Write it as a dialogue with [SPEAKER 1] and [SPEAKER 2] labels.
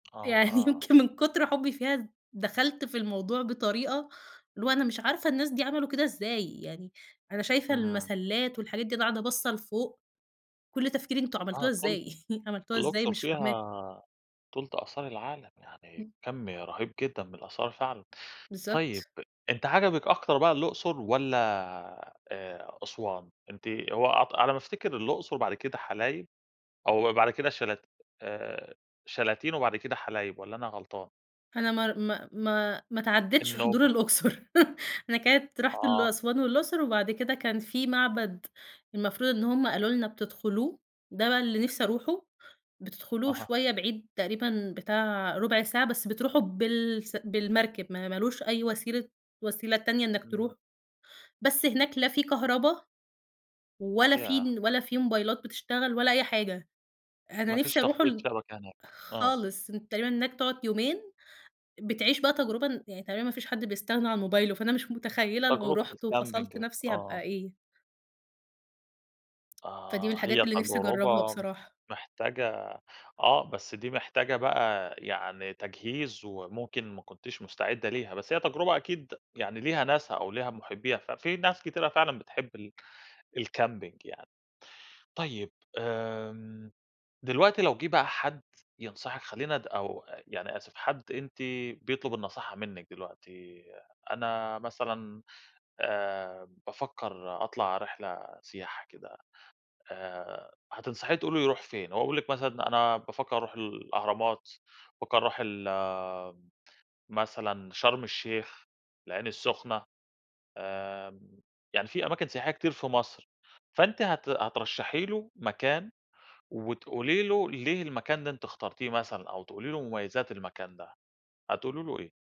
[SPEAKER 1] آه،
[SPEAKER 2] يعني
[SPEAKER 1] آه.
[SPEAKER 2] يمكن من كُتر حبي فيها ذ دخلت في الموضوع بطريقة اللي هو أنا مش عارفة الناس دي عملوا كده إزاي؟! يعني أنا شايفة
[SPEAKER 1] امم.
[SPEAKER 2] المسَلّات والحاجات دي وأنا قاعدة باصة لفوق. كل تفكيري أنتم عملتوها
[SPEAKER 1] آه تُلت
[SPEAKER 2] إزاي؟! عملتوها إزاي
[SPEAKER 1] الأقصر
[SPEAKER 2] مش فاهماكم؟
[SPEAKER 1] فيها تُلت آثار العالم. يعني
[SPEAKER 2] امم.
[SPEAKER 1] كَم رهيب جدًا من الآثار فعلًا. طيب
[SPEAKER 2] بالضبط.
[SPEAKER 1] أنتِ عجبك أكتر بقى الأقصر والّا، آآ، أسوان؟ أنتِ هو أعتق على ما أفتكر الأقصر وبعد كده حلايب؟ أو بعد كده شلا آآ، شلاتين وبعد كده حلايب والّا أنا غلطان؟
[SPEAKER 2] أنا مار ما ما ما اتعدّيتش حضور
[SPEAKER 1] النوبة.
[SPEAKER 2] الأقصر أنا كانت رُحت ال
[SPEAKER 1] آه.
[SPEAKER 2] أسوان والأقصر، وبعد كده كان في معبد المفروض إن هُم قالوا لنا بتدخلوه، ده بقى اللي نفسي أروحه، بتدخلوه
[SPEAKER 1] أها.
[SPEAKER 2] شوية بعيد تقريبًا بتاع رُبع ساعة بس بتروحوا بالس بالمركب، ما ما لوش أي وسيلة وسيلة تانية إنك تروح.
[SPEAKER 1] امم.
[SPEAKER 2] بس هناك لا في كهربا، ولا في
[SPEAKER 1] ياه!
[SPEAKER 2] ن ولا في موبايلات بتشتغل ولا أي حاجة. أنا
[SPEAKER 1] ما فيش
[SPEAKER 2] نفسي أرُوحه
[SPEAKER 1] تغطية
[SPEAKER 2] ل
[SPEAKER 1] شبكة هناك. آه.
[SPEAKER 2] خالص أنتَ تقريبًا هناك تقعد يومين، بتعيش بقى تجربة ن يعني تقريبًا ما فيش حد بيستغنى عن موبايله، فأنا مش متخيلة لو
[SPEAKER 1] تجربة
[SPEAKER 2] رُحت وفَصَلت
[SPEAKER 1] الcamping
[SPEAKER 2] نَفْسي هابقى
[SPEAKER 1] آه.
[SPEAKER 2] إيه؟ فدي من
[SPEAKER 1] آه،
[SPEAKER 2] الحاجات
[SPEAKER 1] هي
[SPEAKER 2] اللي نفسي أجرّبها
[SPEAKER 1] تجربة
[SPEAKER 2] بصراحة.
[SPEAKER 1] محتاجة آه بس دي محتاجة بقى يعني تجهيز، وممكن ما كنتيش مُستعِدة ليها. بس هي تجربة أكيد يعني ليها ناسها أو ليها مُحبِّيها، ففي ناس كتيرة فعلًا بتحب ال الcamping يعني. طيب، آمم، دلوقتي لو جِه بقى حد ينصحِك خلينا ن أو يعني- آسف- حد أنتِ بيطلب النصيحة منِك دلوقتي، أنا مثلًا، آآ، بافكّر أطلع رحلة سياحة كده، آآ، هتنصحيه تقولي له يروح فين؟ هو بيقول لِك مثلًا أنا بافكّر أرُوح الأهرامات، بافكّر أرُوح ال مثلًا شرم الشيخ، العين السخنة. آمم، يعني في أماكن سياحية كتير في مصر، فأنتِ هت هترشحي له مكان، وتقولي له ليه المكان ده أنتِ اخترتيه مثلًا، أو تقولي له مميزات المكان ده. هتقولي له إيه؟